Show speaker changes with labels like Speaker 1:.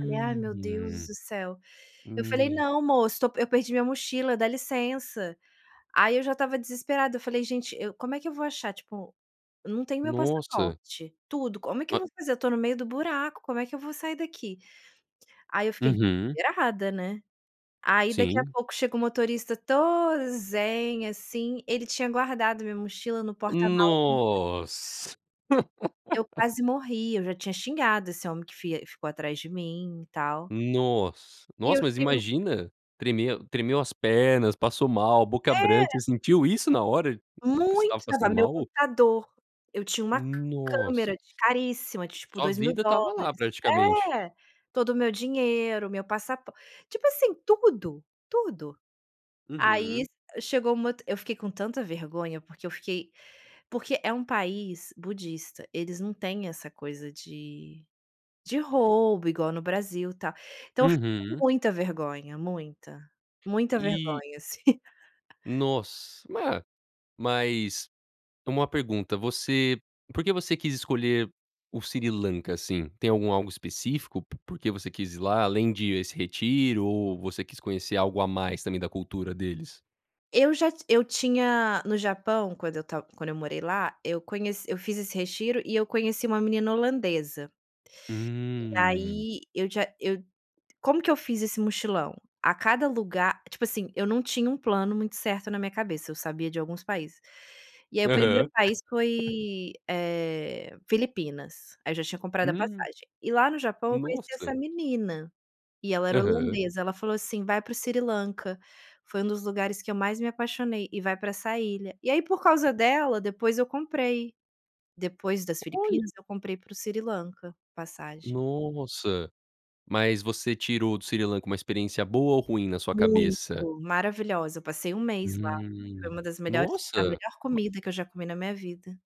Speaker 1: Falei: "Ai meu Deus do céu". Eu falei:
Speaker 2: me
Speaker 1: "Não moço tô pe eu perdi minha mochila dá licença". Aí eu já estava desesperada, eu falei: "Gente, eu como é que eu vou achar, tipo, eu não tenho o meu
Speaker 2: Nossa.
Speaker 1: passaporte, tudo, como é que eu
Speaker 2: Ma
Speaker 1: vou fazer, eu tô no meio do buraco como é que eu vou sair daqui?". Aí eu fiquei
Speaker 2: Uhum.
Speaker 1: desesperada, né. Aí daqui a
Speaker 2: Sim.
Speaker 1: pouco chega o motorista todo zen, assim, ele tinha guardado minha mochila no porta-mala do ônibus.
Speaker 2: Nossa.
Speaker 1: Eu quase morri, eu já tinha xingado esse homem que fi ficou atrás de mim e tal.
Speaker 2: Nossa,
Speaker 1: E eu
Speaker 2: nossa mas
Speaker 1: fiquei
Speaker 2: imagina, tremer tremeu as pernas, passou mal a boca branca,
Speaker 1: É.
Speaker 2: você sentiu isso na hora que você estava
Speaker 1: Muito, tava
Speaker 2: passando
Speaker 1: o meu
Speaker 2: mal?
Speaker 1: computador, eu tinha uma
Speaker 2: Nossa.
Speaker 1: câmera de caríssima de tipo
Speaker 2: Sua
Speaker 1: dois mil
Speaker 2: vida estava lá
Speaker 1: dólares,
Speaker 2: praticamente.
Speaker 1: é, todo o meu dinheiro, meu passapor tipo assim, tudo, tudo. Aí
Speaker 2: Uhum.
Speaker 1: chegou um moto eu fiquei com tanta vergonha, porque eu fiquei porque é um país budista eles não têm essa coisa de de roubo igual no Brasil tal, então eu fiquei com
Speaker 2: Uhum.
Speaker 1: muita vergonha muita, muita
Speaker 2: E
Speaker 1: vergonha assim.
Speaker 2: Nossa ma mas uma pergunta você por que você quis escolher o Sri Lanka, assim? Tem algum algo específico? Por que você quis ir lá além de esse retiro ou você quis conhecer algo a mais também da cultura deles?
Speaker 1: Eu já ti eu tinha no Japão quando eu ta quando eu morei lá, eu conhe eu fiz esse retiro e eu conheci uma menina holandesa e
Speaker 2: Hum.
Speaker 1: aí eu já eu como que eu fiz esse mochilão? A cada lugar, tipo assim eu não tinha um plano muito certo na minha cabeça, eu sabia de alguns países. E aí o primeiro
Speaker 2: Aham.
Speaker 1: país foi, eh, Filipinas, aí eu já tinha comprado a
Speaker 2: Hum,
Speaker 1: passagem. E lá no Japão eu conheci
Speaker 2: nossa.
Speaker 1: essa menina, e ela era
Speaker 2: Aham.
Speaker 1: holandesa, ela falou, assim, vai para o Sri Lanka, foi um dos lugares que eu mais me apaixonei, e vai para essa ilha. E aí por causa dela depois eu comprei, depois das
Speaker 2: Olha.
Speaker 1: Filipinas eu comprei para o Sri Lanka, passagem.
Speaker 2: Nossa, mas você tirou o do Sri Lanka com uma experiência boa ou ruim na sua
Speaker 1: Muito,
Speaker 2: cabeça?
Speaker 1: maravilhosa. Eu passei um mês lá, foi
Speaker 2: Hum,
Speaker 1: uma das melhores a
Speaker 2: nossa
Speaker 1: melhor
Speaker 2: ma
Speaker 1: comida que eu já comi na minha vida.